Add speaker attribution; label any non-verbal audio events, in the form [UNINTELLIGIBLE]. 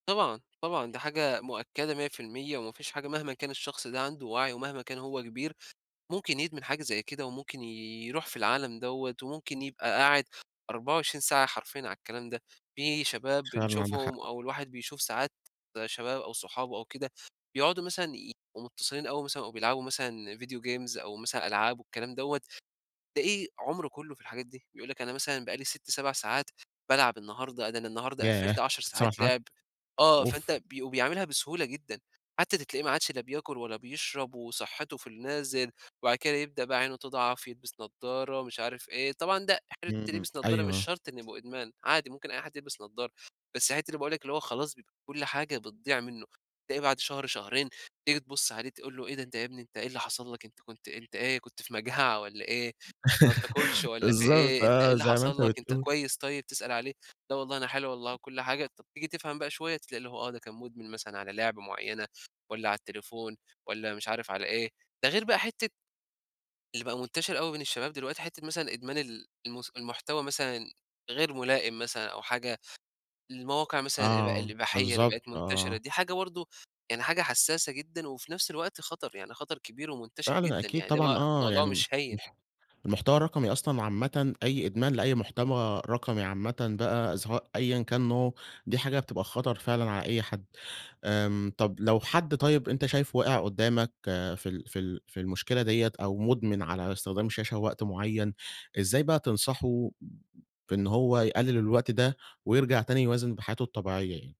Speaker 1: طبعًا طبعًا، دي حاجة مؤكدة 100%، وما فيش حاجة مهما كان الشخص ده عنده وعي ومهما كان هو كبير، ممكن يدمن حاجة زي كده وممكن يرُوح في العالم دوّة وممكن يبقى قاعد 24 ساعة حرفيًا على الكلام ده. في شباب
Speaker 2: فعلًا، عندك
Speaker 1: بنشوفهم
Speaker 2: حق.
Speaker 1: أو الواحد بيشوف ساعات شباب أو صحابه أو كده بيقعدوا مثلًا يبقوا متصلين أو مثلًا أو بيلعبوا مثلًا video games أو مثلًا ألعاب والكلام دوّة. فإيه عُمره كله في الحاجات دي، يقول لك أنا مثلًا بقالي 6، 7 ساعات بالعب النهارده، ده أنا النهارده قفّلت
Speaker 2: ياه!
Speaker 1: 10
Speaker 2: 7
Speaker 1: ساعات
Speaker 2: ساعات.
Speaker 1: لِعب. آه، فأنت
Speaker 2: أوف.
Speaker 1: بي وبيعملها بسهولة جدًا. حتى ده تلاقيه ما عادش لا بياكل ولا بيشرب، وصحته في النازل، وبعد كده يبدأ بقى عينه تضعف، يلبِس نضارة ومش عارف إيه، طبعًا ده [UNINTELLIGIBLE]
Speaker 2: إمم،
Speaker 1: يلبِس نضارة مش
Speaker 2: أيوه.
Speaker 1: شرط إنه يبقى إدمان عادي، ممكن أي حد يلبِس نضارة. بس حتة اللي باقول لك اللي هو خلاص بيبقى كل حاجة بتضِيِع منه، بتلاقي بعد شهر شهرين تيجي تبُص عليه تقول له: "إيه ده؟ أنت يا ابني أنت إيه اللي حصل لك، أنت كنت أنت إيه كنت في مجاعة والّا إيه؟! ما بتاكلش
Speaker 2: [LAUGHS]
Speaker 1: والّا في
Speaker 2: بالضبط،
Speaker 1: إيه، أنت إيه
Speaker 2: آه،
Speaker 1: اللي
Speaker 2: زي ما أنت
Speaker 1: حصل لك، أنت
Speaker 2: بتقول.
Speaker 1: كويس طيب؟" تسأل عليه لا والله أنا حلو والله وكل حاجة. طب، تيجي تفْهم بقى شوية ده تلاقي آه، ده كان مدمن مثلًا على لعبة معينة والّا على التليفون والّا مش عارف على إيه. ده غير بقى حتة اللي بقى منتشر أوي بين الشباب دلوقتي، حتة مثلًا إدمان ال الم المحتوى مثلًا غير ملائم مثلًا أو حاجة المواقع مثلًا الإب
Speaker 2: آه،
Speaker 1: الإباحية اللي
Speaker 2: بالضبط،
Speaker 1: بقت منتشرة،
Speaker 2: آه.
Speaker 1: دي حاجة برضه يعني حاجة حساسة جدًا، وفي نفس الوقت خطر. يعني خطر كبير ومنتشر
Speaker 2: فعلًا،
Speaker 1: جدًا،
Speaker 2: أكيد
Speaker 1: يعني ده مو
Speaker 2: طبعًا، آه،
Speaker 1: موضوع
Speaker 2: يعني
Speaker 1: مش هيّن.
Speaker 2: المح المحتوى الرقمي أصلًا عامةً، أي إدمان لأي محتوى رقمي عامةً بقى، سواء أيًا كان نوعه، دي حاجة بتبقى خطر فعلًا على أي حد. آمم، طب، لو حد طيب أنت شايفه واقِع قدامك في ال في ال في المشكلة ديّة أو مدمن على استخدام الشاشة وقت معين، إزاي بقى تنصحه بإن هو يقلل الوقت ده ويرجع تاني يوازن بحياته الطبيعية يعني؟